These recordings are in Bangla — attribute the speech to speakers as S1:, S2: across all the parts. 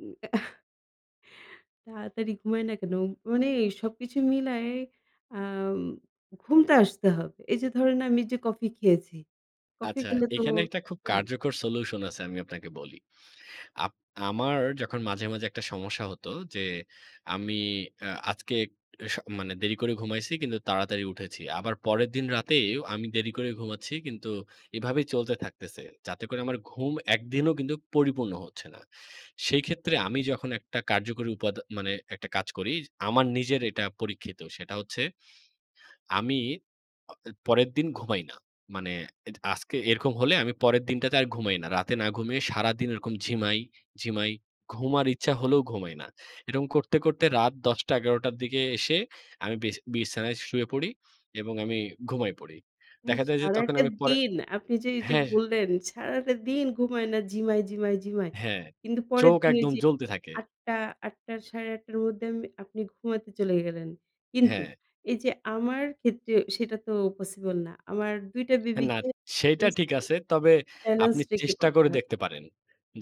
S1: উম অ্যা তাড়াতাড়ি ঘুমায় না কেন? মানে এই সবকিছু মিলায়ে, আম ঘুম তো আসতে হবে। এই যে ধরেন আমি যে কফি খেয়েছি, কফি
S2: আচ্ছা,
S1: খেলে তো
S2: এখানে একটা খুব
S1: হ্যাঁ।
S2: কার্যকর solution আছে আমি আপনাকে বলি। আপ আমার যখন মাঝে, মাঝে একটা সমস্যা হতো যে আমি অ্যা আজকে স মানে দেরি করে ঘুমাইছি কিন্তু তাড়াতাড়ি উঠেছি। আবার পরের দিন রাতেও আমি দেরি করে ঘুমাচ্ছি কিন্তু এভাবেই চলতে থাকতেছে। যাতে করে আমার ঘুম একদিনও কিন্তু পরিপূর্ণ হচ্ছে না। সেই ক্ষেত্রে আমি যখন একটা কার্যকরী উপাদ মানে একটা কাজ করি, আমার নিজের এটা পরীক্ষিত। সেটা হচ্ছে আমি অ এ পরের দিন ঘুমাই না। মানে এজ আজকে এরকম হলে আমি পরের দিনটাতে আর ঘুমাই না। রাতে না ঘুমিয়ে সারাদিন এরকম ঝিমাই, ঝিমাই, ঘুম আর ইচ্ছা হলেও ঘুমাই না। এরকম করতে, করতে রাত ১০:০০-১১:০০ টার দিকে এসে আমি বিছা বিছানায় শুয়ে পড়ি এবং আমি ঘুমাই পড়ি। দেখা
S1: ইশ!
S2: যায় যে তখন
S1: সারাটা
S2: আমি পরে
S1: দিন আপনি যে এই যে
S2: হ্যাঁ।
S1: বললেন সারাটা দিন ঘুমায় না, ঝিমায়, ঝিমায়, ঝিমায়।
S2: হ্যাঁ,
S1: কিন্তু পরের
S2: চোখ
S1: দিন এই
S2: একদম
S1: যে
S2: জ্বলতে থাকে।
S1: ৮ঃ০০, ৮ঃ০০ র ৮ঃ৩০ র মধ্যে আমি, আপনি ঘুমাতে চলে গেলেন। কিন্তু,
S2: হ্যাঁ।
S1: এই যে আমার ক্ষেত্রে সেটা তো possible না। আমার ২ টা
S2: হ না,
S1: বেবিকে
S2: সেইটা
S1: breast
S2: ঠিক
S1: feeding
S2: আছে। তবে
S1: balance
S2: আপনি
S1: রেখে
S2: চেষ্টা
S1: করতে
S2: করে
S1: হয়।
S2: দেখতে পারেন।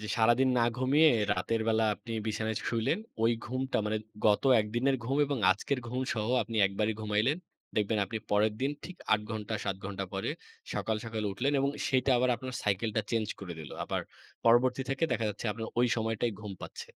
S2: যে সারাদিন না ঘুমিয়ে
S1: [unintelligible]
S2: রাতের বেলা আপনি বিছানায় শুইলেন। ওই ঘুমটা মানে গত ১ দিনের ঘুম এবং আজকের ঘুম সহ আপনি একবারই ঘুমাইলেন। দেখবেন আপনি পরের দিন ঠিক ৮ ঘণ্টা ৭ ঘণ্টা পরে সকাল, সকাল উঠলেন এবং সেইটা আবার আপনার cycle টা change করে দিল। আবার পরবর্তী থেকে দেখা যাচ্ছে আপনার ওই সময়টাই ঘুম পাচ্ছে।